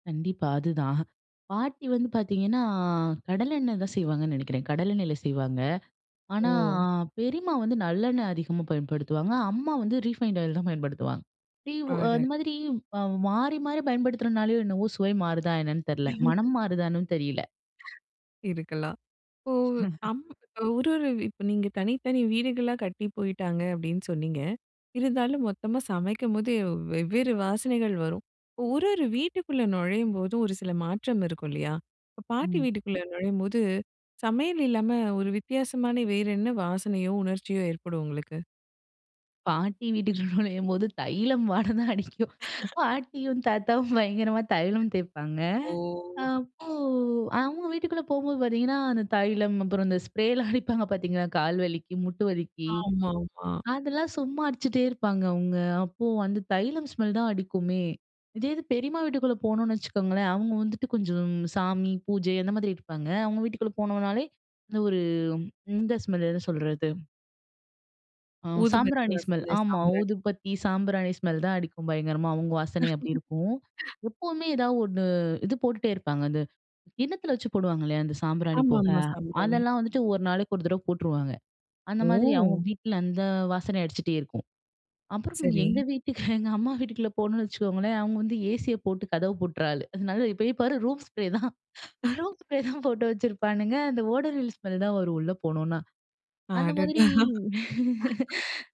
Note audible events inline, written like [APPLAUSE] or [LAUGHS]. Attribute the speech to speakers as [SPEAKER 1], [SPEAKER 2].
[SPEAKER 1] கண்டிப்பா. அதுதான் பாட்டி வந்து பார்த்தீங்கன்னா, கடலை எண்ணெய் தான் செய்வாங்கன்னு நினைக்கிறேன். கடலை எண்ணெயில செய்வாங்க. ஆனா
[SPEAKER 2] ஒ.
[SPEAKER 1] பெரியம்மா வந்து நல்லெண்ணெ அதிகமாக பயன்படுத்துவாங்க. அம்மா வந்து ரீஃபைன்ட் ஆயில் தான் பயன்படுத்துவாங்க. ரீ அந்த
[SPEAKER 2] ஆர்டர்.
[SPEAKER 1] மாதிரி அ மாறி, மாறி பயன்படுத்துறதுனாலயோ! என்னவோ! சுவை மாறுதா என்னன்னு தெரில. மனம்
[SPEAKER 2] [LAUGHS]
[SPEAKER 1] மாறுதானும் தெரியல.
[SPEAKER 2] [LAUGHS] இருக்கலாம். இப்போ
[SPEAKER 1] [CHUCKLES]
[SPEAKER 2] அம் ஒரு, ஒரு இப்ப நீங்க தனித்தனி வீடுகளா கட்டி போயிட்டாங்க அப்பிடின்னு சொன்னீங்க. இருந்தாலும் மொத்தமா சமைக்கும் போது வெவ்வேறு வாசனைகள் வரும். இப்போ ஒரு, ஒரு வீட்டுக்குள்ள நுழையும்போதும் ஒரு சில மாற்றம் இருக்கும் இல்லயா! இப்ப பாட்டி
[SPEAKER 1] ம்.
[SPEAKER 2] வீட்டுக்குள்ள நுழையும்போது சமையல் இல்லாம ஒரு வித்தியாசமான வேற என்ன வாசனையோ, உணர்ச்சியோ ஏற்படும் உங்களுக்கு?
[SPEAKER 1] பாட்டி வீட்டுக்கு நுழையும்போது தைலம் வாடை தான் அடிக்கும்.
[SPEAKER 2] [LAUGHS]
[SPEAKER 1] பாட்டியும் தாத்தாவும் பயங்கரமா தைலம் தேய்ப்பாங்க
[SPEAKER 2] ஓ!
[SPEAKER 1] அப்போ அTங்க வீட்டுக்குள்ள போகும்போது பார்த்தீங்கன்னா, அந்த தைலம், அப்புறம் அந்த ஸ்ப்ரே லாம் அடிப்பாங்க பார்த்தPங்களா? கால் வலிக்கு, மூட்டு வலிக்கு
[SPEAKER 2] ஆமா, ஆமா.
[SPEAKER 1] அதெல்லாம் சும்மா அடிச்சிட்டே இருப்பாங்க அவுங்க. அப்போ அந்த தைலம் ஸ்மெல் தான் அடிக்குமே! இதே இது பெரியம்மா வீட்டுக்குள்ள போனோன்னு வச்சுக்கோங்களேன், அவுங்க வந்துட்டு கொஞ்சம் சாமி பூஜை அந்த மாதிரி இருப்பாங்க. அவுங்க வீட்டுக்குள்ளே போனோனாலே, இந்த ஒரு இந்த ஸ்மெல் என்ன சொல்றது ஆ
[SPEAKER 2] ஊதுபத்தி
[SPEAKER 1] சாம்பிராணி ஸ்மெல்.
[SPEAKER 2] வாசன,
[SPEAKER 1] ஆமா
[SPEAKER 2] சாம்பிராணி.
[SPEAKER 1] ஊதுபத்தி, சாம்பிராணி ஸ்மெல் தான் அடிக்கும் பயங்கரமா அவுங்க வாசனை அப்பிடி இருக்கும்.
[SPEAKER 2] [LAUGHS]
[SPEAKER 1] எப்பவுமே ஏதாவது 1 இது போட்டுட்டே இருப்பாங்க. அந்த கிண்ணத்தில வச்சு போடுவாங்க இல்லயா அந்த சாம்பிராணி
[SPEAKER 2] ஆமா,
[SPEAKER 1] புகை.
[SPEAKER 2] ஆமா. சாம்பிராணி.
[SPEAKER 1] அதெல்லாம் வந்துட்டு ஒரு நாளைக்கு ஒரு தடவை போட்டுருவாங்க. அந்த மாதிரி அவுங்க
[SPEAKER 2] ஓ!
[SPEAKER 1] வீட்ல அந்த வாசனை அடிச்சிட்டே இருக்கும். அப்புறம்
[SPEAKER 2] சரி.
[SPEAKER 1] எங்க வீட்டுக்கு எங்க அம்மா வீட்டுக்குள்ள போனோம்னு வச்சுக்கோங்களேன் அவுங்க வந்து ஏசி ய போட்டு கதவ பூட்ற ஆளு. நல்லா இப்ப போய் பாரு! ரூம் ஸ்ப்ரே தான் ரூம்
[SPEAKER 2] [LAUGHS]
[SPEAKER 1] ஸ்ப்ரே தான் போட்டு வச்சிருப்பானுங்க அந்த ஓடோனில்ஸ் ஸ்மெல் தான் வரும் உள்ள போனோனா, அந்த மாதிரி
[SPEAKER 2] அடடா! [LAUGHS]
[SPEAKER 1] [LAUGHS]